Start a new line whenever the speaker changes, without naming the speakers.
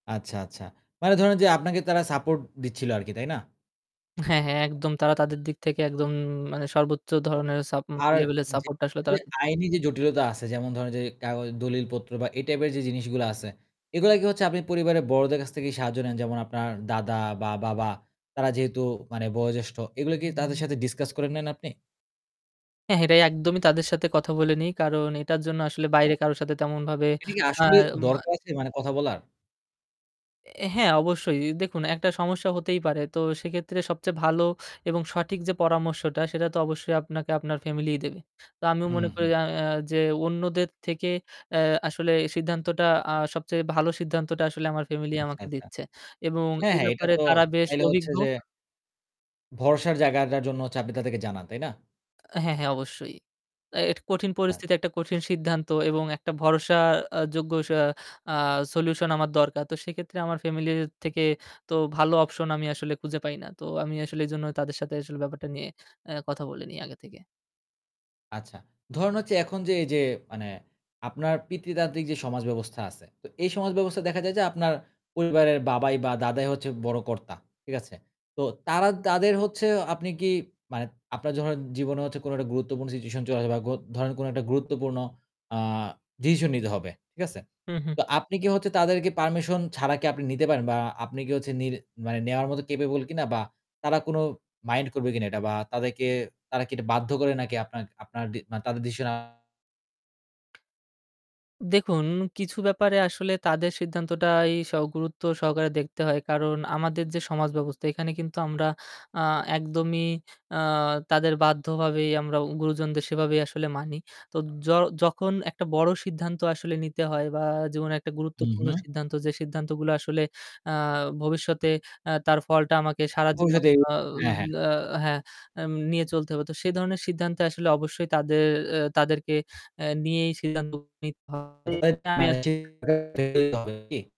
আচ্ছা, আচ্ছা। মানে ধরুন, যে আপনাকে তারা সাপোর্ট দিচ্ছিলো আরকি তাই না?
হ্যাঁ, হ্যাঁ একদম তারা তাদের দিক থেকে একদম মানে সর্বোচ্চ ধরনের সাপ উম
আর
লেভেলের সাপোর্টটা আসলে তারা
[unintelligible] আইনি যে জটিলতা আছে যেমন ধরেন যে কাগজ দলিলপত্র বা এই টাইপের যে জিনিসগুলা আছে, এগুলো কি হচ্ছে আপনি পরিবারের বড়দের কাছ থেকেই সাহায্য নেন যেমন আপনার দাদা বা বাবা তারা যেহেতু বয়োজ্যেষ্ঠ, এগুলো কি তাদের সাথে ডিসকাস করে নেন আপনি?
হ্যাঁ, হ্যাঁ এটাই একদমই তাদের সাথে কথা বলে নেই। কারণ এটার জন্য আসলে
আচ্ছা।
বাইরে কারো সাথে তেমনভাবে
এটা কি
আ
আসলে
মা
দরকার আছে মানে কথা বলার?
অ্যা হ্যাঁ, অবশ্যই দেখুন, একটা সমস্যা হতেই পারে। তো সেক্ষেত্রে সবচেয়ে ভালো এবং সঠিক যে পরামর্শটা সেটা তো অবশ্যই আপনাকে আপনার ফ্যামিলিই দেবে। তো আমিও
হুম,
মনে করি
হুম।
আ আ যে অন্যদের থেকে অ্যা আসলে সিদ্ধান্তটা আ সবচেয়ে ভালো সিদ্ধান্তটা আসলে আমার ফ্যামিলি
আচ্ছা,
আমাকে
আচ্ছা।
দিচ্ছে। এবং
হ্যাঁ,
এই
হ্যাঁ এটা
ব্যাপারে
তো
তারা বেশ
তাইলে হচ্ছে
অভিজ্ঞ।
যে ভরসার জায়গাটার জন্য হচ্ছে তাদেরকে জানান, তাই না?
হ্যাঁ, হ্যাঁ অবশ্যই। অ্যা এটা কঠিন
আ
পরিস্থিতি একটা কঠিন সিদ্ধান্ত এবং একটা ভরসা আ যোগ্য সা আ সলিউশন আমার দরকার। তো সেক্ষেত্রে আমার ফ্যামিলি থেকে তো ভালো অপশন আমি আসলে খুঁজে পাই না। তো আমি আসলে এজন্য তাদের সাথে আসলে ব্যাপারটা নিয়ে অ্যা কথা বলে নেই আগে থেকে।
আচ্ছা, ধরেন হচ্ছে এখন যে এই যে মানে আপনার পিতৃতান্ত্রিক যে সমাজ ব্যবস্থা আছে। তো এই সমাজ ব্যবস্থায় দেখা যায় যে আপনার পরিবারের বাবাই বা দাদাই হচ্ছে বড় কর্তা। ঠিক আছে? তো তারা, তাদের হচ্ছে আপনি কি মানে আপনার ধরেন জীবনে হচ্ছে কোন একটা গুরুত্বপূর্ণ সিচুয়েশন চলে যায় বা গ ধরেন কোন একটা গুরুত্বপূর্ণ আ ডিসিশন নিতে হবে। ঠিক আছে?
হুম, হুম।
তো আপনি কি হচ্ছে তাদেরকে পারমিশন ছাড়া কি আপনি নিতে পারেন বা আপনি কি হচ্ছে নিল মানে নেওয়ার মতো কাপেবল কিনা বা তারা কোন মাইন্ড করবে কিনা এটা বা তাদেরকে তারা কি এটা বাধ্য করে নাকি আপনার, আপনার ডি মানে তাদের ডিসিশন
দেখুন, কিছু ব্যাপারে আসলে তাদের সিদ্ধান্তটাই স গুরুত্ব সহকারে দেখতে হয়। কারণ আমাদের যে সমাজব্যবস্থা এখানে কিন্তু আমরা আ একদমই আ তাদের বাধ্যভাবেই আমরা গুরুজনদের সেভাবেই আসলে মানি। তো য যখন একটা বড়ো সিদ্ধান্ত আসলে নিতে হয় বা জীবনে একটা
হু,
গুরুত্বপূর্ণ
হু।
সিদ্ধান্ত যে সিদ্ধান্তগুলো আসলে আ ভবিষ্যতে অ্যা তার ফলটা আমাকে সারাজীবন
ভবিষ্যতে
আ
হ্যাঁ, হ্যাঁ।
আ হ্যাঁ আম নিয়ে চলতে হবে। তো সে ধরনের সিদ্ধান্তে আসলে অবশ্যই তাদের অ্যা তাদেরকে অ্যা নিয়েই সিদ্ধান্ত নিতে হবে আমি
[unintelligible]
[unintelligible]
কি?